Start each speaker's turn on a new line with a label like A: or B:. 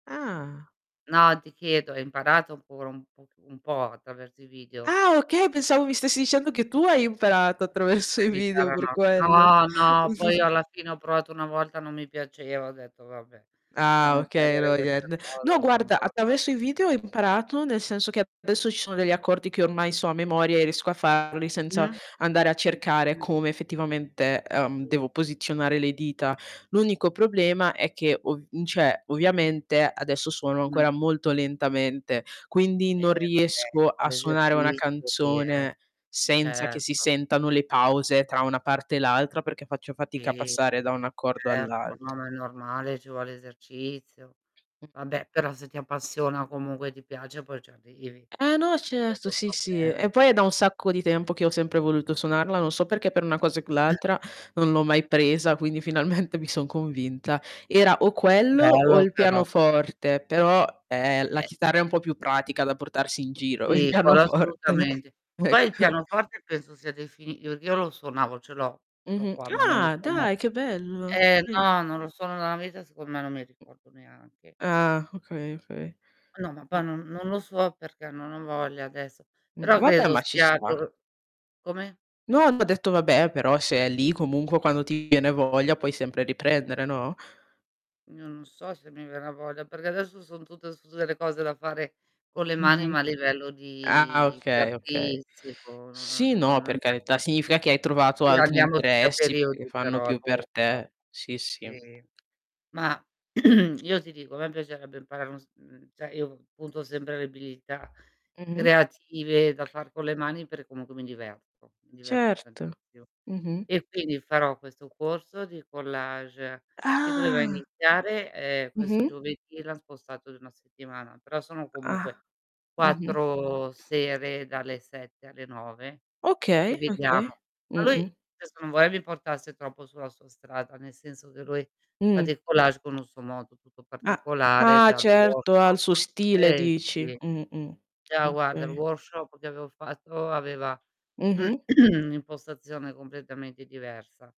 A: Ah.
B: No ti chiedo: hai imparato pure un poc un po' attraverso i video?
A: Ah okay, pensavo mi stessi dicendo che tu hai imparato attraverso i
B: La
A: video,
B: chitarra
A: per
B: no.
A: quello.
B: No, no poi alla fine ho provato una volta non mi piaceva, ho detto: "Vabbè
A: Ah
B: lasciamo
A: okay,
B: perdere
A: no
B: questa
A: niente. No,
B: cosa, no no".
A: guarda,
B: [unintelligible]
A: attraverso i video ho imparato nel senso che adesso ci sono degli accordi che ormai sono a memoria e riesco a farli, senza
B: Mh.
A: andare a cercare
B: [unintelligible]
A: come effettivamente, ehm,
B: Sì,
A: devo
B: s
A: posizionare le dita. L'unico problema è che ov mhmm, cioè, ovviamente adesso suono ancora
B: Mh.
A: molto lentamente, quindi
B: Eh
A: non
B: vabbè,
A: riesco
B: ci
A: a
B: vuole
A: suonare una
B: esercizio lì, eh.
A: canzone senza che si
B: Certo.
A: sentano le pause tra una parte e l'altra perché faccio fatica a
B: Sì, e
A: passare da un
B: c
A: accordo
B: certo, ma no,
A: all'alt
B: ma è normale, ci vuole esercizio.
A: Mh.
B: Vabbè però se ti appassiona, comunque ti piace, poi ci arrivi.
A: Eh no,
B: Quello
A: certo,
B: è il
A: sì, sì e
B: problema.
A: poi è da un sacco di tempo che ho sempre voluto suonarla, non so perché, per una cosa e quell'altra non l'ho mai presa quindi finalmente mi son convinta. Era o quello o
B: Bello
A: il
B: però.
A: pianoforte, però eh, la
B: Eh.
A: chitarra è un po' più pratica da portarsi in giro, il
B: Sì, quello
A: pianoforte
B: assolutamente. Poi il
A: ecco.
B: pianoforte penso sia defini io io lo suonavo, ce l'ho, ce l'ho
A: Mh-mh.
B: qua ma non lo
A: Ah,
B: suono
A: dai che bello,
B: eh
A: sì.
B: no, non lo suono da una vita, secondo me non mi
A: Mh.
B: ricordo neanche.
A: Ah, okay, okay.
B: Ma no, ma poi
A: Mh.
B: non non lo so perché, non ho voglia adesso,
A: Mh,
B: però
A: vabbè
B: credo
A: ma ci
B: stia
A: sta.
B: cor come?
A: No, ho detto vabbè, però se è lì comunque, quando ti viene voglia puoi sempre riprendere, no?
B: Io non so se mi verrà voglia, perché adesso son tutte sus delle cose da fare con le mani,
A: Mh-mh.
B: ma a livello
A: Ah,
B: di di
A: okay, okay.
B: artistico,
A: Sì,
B: non non
A: no, per
B: non
A: carità,
B: riesco
A: significa che hai trovato
B: Sì,
A: altri
B: andiamo tutti a
A: interessi che
B: periodi
A: fanno
B: però
A: più per
B: appunto;
A: te. Sì, sì.
B: sì. Mah, io ti dico a me piacerebbe imparare uno strumen cioè io punto sempre le abilità
A: Mh-mh.
B: creative da far con le mani per comunque mi diverto, mi diverto
A: Certo,
B: tantissimo.
A: mh-mh.
B: E quindi farò questo corso di collage, che doveva
A: Ah.
B: iniziare ehm, questo
A: Mh-mh.
B: giovedì e l'han spostato di 1 settimana, però sono comunque
A: Ah. Mh-mh.
B: 4 sere, dalle 7 alle 9 e
A: Okay,
B: vediamo.
A: okay,
B: Ma lui,
A: mh-mh.
B: adesso non vorrei vi portasse troppo sulla sua strada, nel senso che lui
A: Mh.
B: fa dei collage con un suo modo tutto
A: Ah,
B: particolare,
A: ah
B: già il
A: certo, ha il
B: workshop
A: suo stile
B: eh
A: dici.
B: sì.
A: Mh-mh,
B: Già, guarda, il
A: okay.
B: workshop che avevo fatto aveva
A: Mh-mh.
B: un'impostazione completamente diversa.